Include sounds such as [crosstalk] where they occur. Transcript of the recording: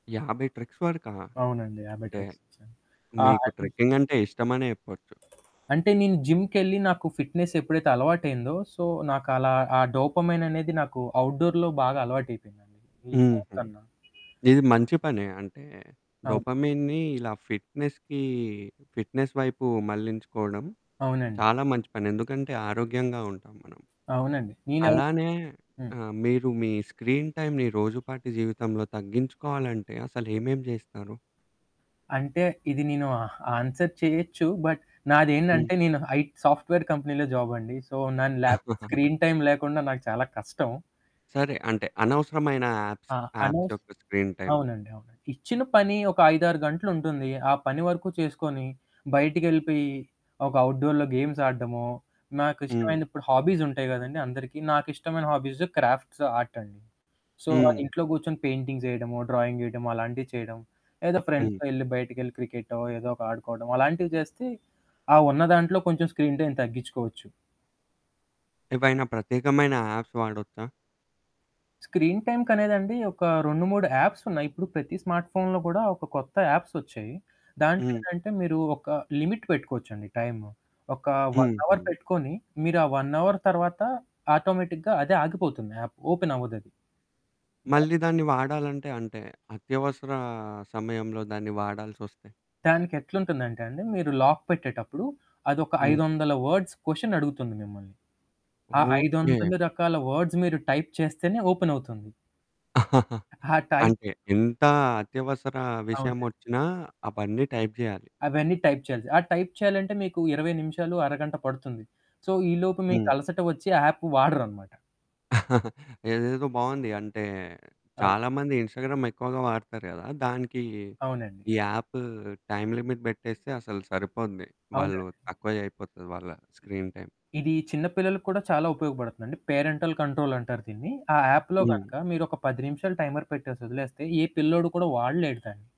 50 treks వరకా! అవునండి. 50 అంటే treks చేసాను. ఆహ్, మీకు అది ట్రెక్కింగ్ అంటే ఇష్టమనే చెప్పొచ్చు. అంటే నేను జిమ్‌కెళ్ళి నాకు ఫిట్నెస్ ఎప్పుడైతే అలవాటైందో, సో, నాకు అలా ఆ డోపోమైన్ అనేది నాకు ఔట్‌డోర్ బాగా అలవాటైపోయిందండి. ఈ హుహు. ఫోనుకన్న. ఇది మంచి పనే. అంటే అవును. డొపమీన్‌ని ఇలా ఫిట్నెస్‌కి, ఫిట్నెస్ వైపు మళ్లించుకోవడం, అవునండి. చాలా మంచి పని. ఎందుకంటే ఆరోగ్యంగా ఉంటాం మనం. అవునండి. నేనవి అలానే హ్మ్. ఆ! మీరు మీ స్క్రీన్ టైమ్‌ని రోజుపాటి జీవితంలో తగ్గించుకోవాలంటే అసలు ఏమేం చేస్తారు? అంటే ఇది నేను ఆహ్, ఆన్సర్ చేయొచ్చు. But hmm. నాదేంటంటే నేను ఐట్ సాఫ్ట్‌వేర్ కంపెనీలో జాబ్ అండి. సో, దాని ల్యాప్ [chuckles] స్క్రీన్ టైమ్ లేకుండా నాకు చాలా కష్టం. సరే అంటే అనవసరమైన యాప్స్, ఆ! యాప్స్ అనేస్ యొక్క స్క్రీన్ టైమ్. అవునండి. అవునండి. ఇచ్చిన పని ఒక 5, 6 గంటలుంటుంది. ఆ పని వరకు చేసుకొని, బయటికెళ్ళిపోయి, ఒక ఔట్‌డోర్‌లో గేమ్స్ ఆడడమో, నాకిష్టమైన హ్మ్. ఇప్పుడు హాబీసుంటాయి కదండీ! అందరికీ. నాకు ఇష్టమైన హాబీసు క్రాఫ్ట్స్ ఆర్ట్ అండి. So, hmm. ఇంట్లో కూర్చొని పెయింటింగ్స్ ఎయడమొ, డ్రాయింగేయడం అలాంటివి చేయడం. ఏదో హ్మ్. ఫ్రెండ్స్‌తో ఎళ్ళి బయటికెళ్ళి క్రికెటో ఏదోక ఆడుకోవడం అలాంటివి చేస్తే, ఆ ఉన్న దాంట్లో కొంచెం స్క్రీన్ టైమ్ ఏం తగ్గించుకోవచ్చు. ఏవైనా ప్రత్యేకమైన యాప్స్ వాడొచ్చా? స్క్రీన్ టైమ్‌కనేదండి ఒక 2, 3 యాప్స్ ఉన్నాయి. ఇప్పుడు ప్రతి స్మార్ట్ ఫోన్‌లో కూడా ఒక కొత్త యాప్స్ వచ్చాయి. దాంట్లో హ్మ్. ఏంటంటే మీరు ఒక లిమిట్ పెట్టుకోవచ్చండి టైము. ఒక 1 అవర్ హుహు. పెట్టుకొని, మీరు ఆ 1 అవర్ తర్వాత ఆటోమేటిక్‌గా అదే ఆగిపోతుంది యాప్, యాప్ ఓపెన్ అవ్వదది. ద... మళ్ళీ దాన్ని వాడాలంటే, అంటే అత్యవసర సమయంలో దాన్ని వాడాల్సొస్తే? దానికి ఎట్లుంటుందంటే అండి మీరు లాక్ పెట్టేటప్పుడు అదొక హ్మ్. 500 వర్డ్స్ క్వెషన్ అడుగుతుంది మిమ్మల్ని. ఆ ఓకే. 500 రకాల వర్డ్స్ మీరు టైప్ చేస్తేనే ఓపెనవుతుంది. [giggles] ఆ టై అంటే ఎంత అత్యవసర అవునండి. విషయమొచ్చినా అవన్నీ టైప్ చేయాలి. అవన్నీ టైప్ చేయాలి. ఆ టైప్ చేయాలంటే మీకు 20 నిమిషాలు, అరగంట పడుతుంది. సో, ఈలోపు మీకు హ్మ్. అలసట వచ్చి యాపు వాడరనమాట. [giggles] ఇదేదో బావుంది. అంటే ఆ! చాలామంది ఇన్స్టాగ్రామ్ ఎక్కువగా వాడతారు కదా! దానికి అవునండి. ఈ అవును. యాపు టైమ్ లిమిట్ పెట్టేస్తే అసలు సరిపోద్ది. వాళ్ళు అవునండి. తక్కువ అయిపోతది వాళ్ళ ఇ స్క్రీన్ టైమ్. ఇది చిన్న పిల్లలకి కూడా చాలా ఉపయోగపడుతుందండి. పేరెంటల్ కంట్రోల్ అంటారు దీన్ని. ఆ యాప్‌లో హ్మ్. గనక మీరొక 10 నిమిషాలు టైమర్ పెట్టేసి వదిలేస్తే ఏ పిల్లోడు కూడా వాడలేడు దాన్ని.